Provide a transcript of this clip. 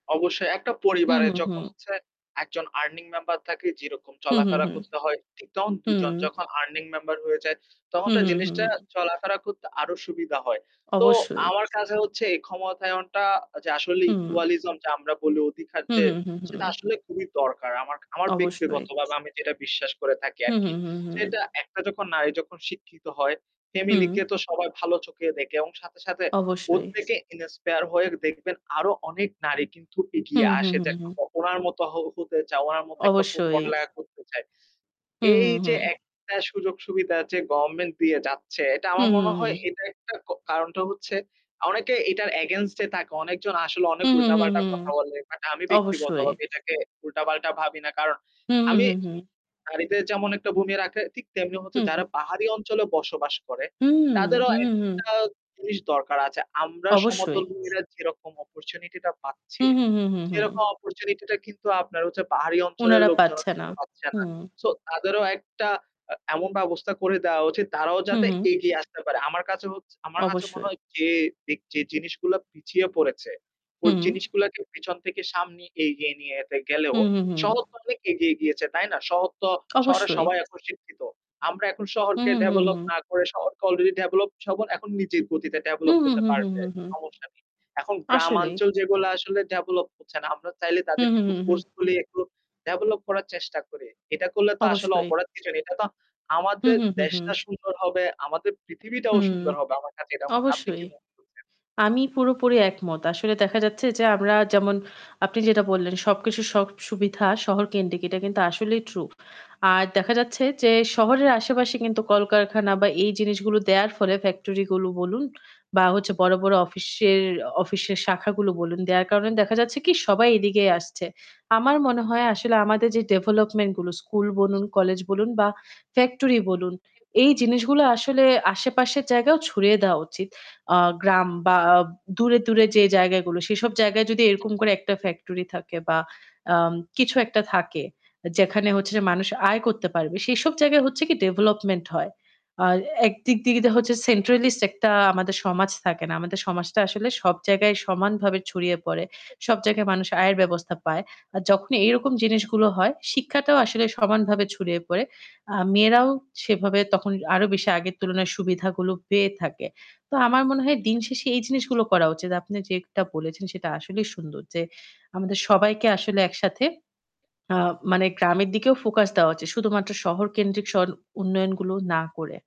অবশ্যই একটা হুম, পরিবারে হুম, যখন হুম। হচ্ছে একজন আর্নিং মেম্বার থাকে যেরকম হু, হু, চলাফেরা হু। করতে হয়, ঠিক তখন হুম। দুজন যখন আর্নিং মেম্বার হয়ে যায় তখন হু, তো হু, হু, জিনিসটা হু। চলাফেরা করতে আরো সুবিধা হয়। তো অবশ্যই। আমার কাছে হচ্ছে এই ক্ষমতায়নটা যে আসলে হু। ইকুয়ালিজম যে আমরা বলি অধিকার হুম, যে হুম, হুম, সেটা হুম। আসলে খুবই দরকার। আমার আমার অবশ্যই। ব্যক্তিগতভাবে আমি যেটা বিশ্বাস করে থাকি হুম, আরকি। হুম, হুম, হুম। সেটা একটা যখন নারী যখন শিক্ষিত হয় হুম। ফ্যামিলিকে তো সবাই ভালো চোখে দেখে এবং সাথে, সাথে অবশ্যই। প্রত্যেকে ইন্সপায়ার হয়ে দেখবেন আরো অনেক নারী কিন্তু হু। এগিয়ে হুম, আসে যে হুম, হুম। একরকম ওনার মত হ হতে চাওয়া উনার মত একটা অবশ্যই। প-পড়ালেখা করতে চায়। হুম, হুম, এইযে হুম। একটা সুযোগ-সুবিধা যে গভর্নমেন্ট দিয়ে যাচ্ছে। এটা হু, আমার হু, মনে হয় হু। এটা একটা ক কারণটা হচ্ছে অনেকে এটার এগেইনস্ট এ থাকে। অনেকজন আসলে অনেক হু, হু, হু, উল্টা-পাল্টা হুম। কথা বলে। বাট আমি ব্যক্তিগত অবশ্যই। ভাবে এটাকে উল্টা-পাল্টা ভাবি না। কারণ হুম, হুম, আমি হুম, হুম। নাড়িদের যেমন একটা ভূমি রাখে ঠিক তেমনি হচ্ছে হুম, হু। যারা পাহাড়ি অঞ্চলে বসবাস করে হুম, হুম, তাদেরও হুম, হুম। একটা জিনিস দরকার আছে। আমরা অবশ্যই। সমতল ভূমিরা যেরকম অপরচুনিটিটা পাচ্ছি। হুম, হুম, হুম, হুম, হুম। সেরকম অপরচুনিটিটা কিন্তু আপনার হচ্ছে পাহাড়ি অঞ্চলের উনারা লোকজনও পাচ্ছে না। কিন্তু পাচ্ছে হু। না। সো তাদেরও একটা আ এমন ব্যবস্থা করে দেওয়া উচিত তারাও হু, যাতে হু। এগিয়ে আসতে পারে। আমার কাছে হছ আমার কাছে মনে অবশ্যই। হয় যে যে যে জিনিসগুলা পিছিয়ে পড়েছে ওই হুম। জিনিসগুলাকে পেছন থেকে সামনে এগিয়ে নিয়ে যেতে গেলেও হুম, হুম, হুম, হুম। শহর তো অনেক এগিয়ে গিয়েছে। তাই না? শহর তো শহরের অবশ্যই। সবাই এখন শিক্ষিত আমরা এখন হুম, শহরকে হুম, হুম, ডেভেলপ হুম। না করে শহরকে অলরেডি ডেভেলপ শহর এখন নিজের গতিতে হু, ডেভেলপ হু, হতে হু, হু, হু, পারবে। হু, হু। সমস্যা নেই। এখন আসলে। গ্রামাঞ্চল যেগুলা আসলে ডেভেলপ হচ্ছে না, আমরা চাইলে হুম, তাদেরকে হুম, একটু হুম, হুম। ফোর্সফুলি একটু ডেভেলপ করার চেষ্টা করি। এটা করলে তো আসলে অবশ্যই। অপরাধ কিছু নেই। এটা তো হুম, আমাদের হুম, হুম, হুম। দেশটা সুন্দর হবে, আমাদের পৃথিবীটাও হুম, সুন্দর হবে। আমার কাছে এটা মনে হয়। আপনি অবশ্যই। কি মনে করছেন? আমি পুরোপুরি একমত। আসলে দেখা যাচ্ছে যে আমরা যেমন আপনি যেটা বললেন সবকিছু সব সুবিধা শহর কেন্দ্রিক। এটা কিন্তু আসলেই ট্রু। আর দেখা যাচ্ছে যে শহরের আশেপাশে কিন্তু কলকারখানা বা এই জিনিসগুলো দেয়ার ফলে ফ্যাক্টরি গুলো বলুন বা হচ্ছে বড়, বড় অফিসের অফিসের শাখাগুলো বলুন। দেয়ার কারণে দেখা যাচ্ছে কি সবাই এদিকেই আসছে। আমার মনে আসলে আমাদের যে ডেভেলপমেন্ট গুলো স্কুল বলুন, কলেজ বলুন বা ফ্যাক্টরি বলুন এই জিনিসগুলো আসলে আশেপাশের জায়গায়ও ছড়িয়ে দেওয়া উচিত। আ গ্রাম বা দূরে, দূরে যে জায়গাগুলো সেসব জায়গায় যদি এরকম করে একটা ফ্যাক্টরি থাকে বা আম কিছু একটা থাকে যেখানে হচ্ছে যে মানুষ আয় করতে পারবে। সেসব জায়গায় হচ্ছে কি ডেভেলপমেন্ট হয়। আর এক দিক দিক দিয়ে হচ্ছে সেন্ট্রালিস্ট একটা আমাদের সমাজ থাকে না। আমাদের সমাজটা আসলে সব জায়গায় সমানভাবে ছড়িয়ে পড়ে। সব জায়গায় মানুষ আয়ের ব্যবস্থা পায়। আর যখনই এই রকম জিনিসগুলো হয়, শিক্ষাটাও আসলে সমানভাবে ছড়িয়ে পড়ে। আ মেয়েরাও সেভাবে তখন আরো বেশি আগের তুলনায় সুবিধাগুলো পেয়ে থাকে। তো আমার মনে হয় দিন শেষে এই জিনিসগুলো করা উচিত। আপনি যেটা বলেছেন সেটা আসলেই সুন্দর যে আমাদের সবাইকে আসলে একসাথে আ মানে গ্রামের দিকেও ফোকাস দেওয়া উচিত। শুধুমাত্র শহর কেন্দ্রিক শর উন্নয়ন গুলো না করে।